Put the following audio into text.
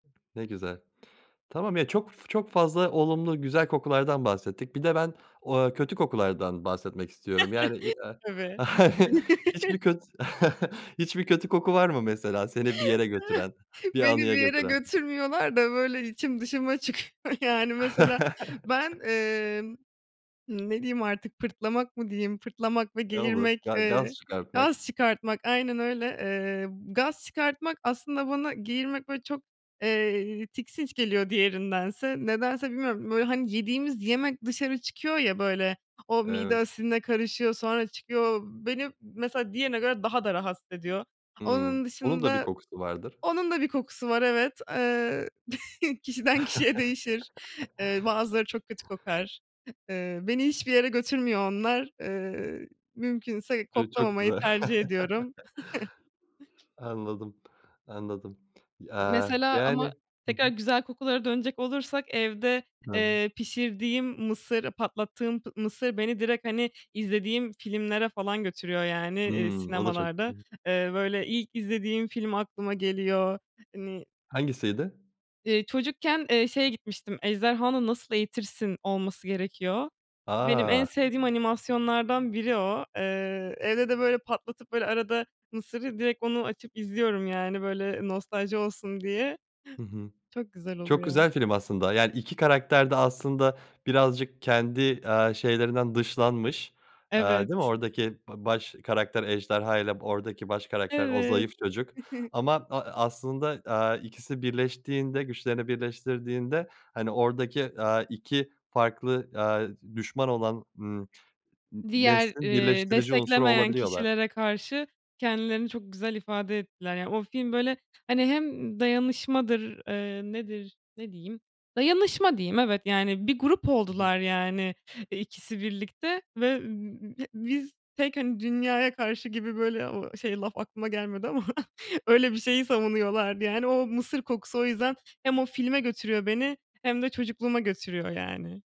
Ne güzel. Tamam ya çok f çok fazla olumlu güzel kokulardan bahsettik bir de ben, ooo, kötü kokulardan bahsetmek istiyorum yani, iii, aaa, Tabii. hiçbir köt hiçbir kötü koku var mı mesela seni bir yere götüren, bir Beni anıya bir yere götüren? götürmüyorlar da böyle içim dışıma çıkıyor yani mesela ben, emm, hımm, ne diyeyim artık, pırtlamak mı diyeyim, pırtlamak ve Ne olur geğirmek, ga gaz eee, çıkartmak. gaz çıkartmak, aynen öyle. Eee, gaz çıkartmak, aslında bana geğirmek böyle çok, eee, tiksinç geliyor diğerindense. Nedense bilmiyorum, böyle, hani, yediğimiz yemek dışarı çıkıyor ya böyle, o mide Evet. asidine karışıyor, sonra çıkıyor, beni mesela diğerine göre daha da rahatsız ediyor. Hımm, Onun onun da bir dışında, kokusu vardır. onun da bir kokusu var evet, eee, kişiden kişiye değişir. Eee, bazıları çok kötü kokar. Eee, beni hiçbir yere götürmüyor onlar. Eee, mümkünse Ço çok koklamamayı güzel. tercih ediyorum. Anladım anladım. Y M aaa, mesela ama yani, hı tekrar hı. güzel kokulara dönecek olursak, evde, [unintelligible] eee, pişirdiğim mısır, patlattığım pı mısır beni direkt, hani, izlediğim filmlere falan götürüyor yani, eee, Hımm. O da çok sinemalarda. [unintelligible] Eee, böyle ilk izlediğim film aklıma geliyor. Hani Hangisiydi? Eee, çocukken, eee, şeye gitmiştim, ejderhanı nasıl eğitirsin olması gerekiyor. Benim en A! sevdiğim animasyonlardan biri o. Eee, evde de böyle patlatıp böyle arada mısırı direkt onu açıp izliyorum, yani böyle nostalji olsun diye. Hı hı. Çok güzel Çok oluyor. güzel film aslında yani 2 karakter de aslında birazcık kendi, aaa, şeylerinden dışlanmış, aaa, değil mi Evet. oradaki ba baş karakter ejderhayla, b oradaki baş karakter o Evet. zayıf çocuk ama a a aslında, aaa, ikisi birleştiğinde güçlerini birleştirdiğinde, hani, oradaki, aaa, 2 farklı, aaa, d düşman olan, ımm, n Diğer, neslin eee, birleştirici unsuru desteklemeyen olabiliyorlar. kişilere karşı kendilerini çok güzel ifade ettiler. Yani, o film böyle, ha hani, hem dayanışmadır, eee, nedir, ne diyeyim, dayanışma diyeyim evet yani bir grup Hı hı. oldular yani, eee, ikisi birlikte ve b b b biz tek, hani, dünyaya karşı gibi böyle o şey laf aklıma gelmedi ama öyle bir şeyi savunuyorlardı, yani, o mısır kokusu o yüzden hem o filme götürüyor beni hem de çocukluğuma götürüyor yani.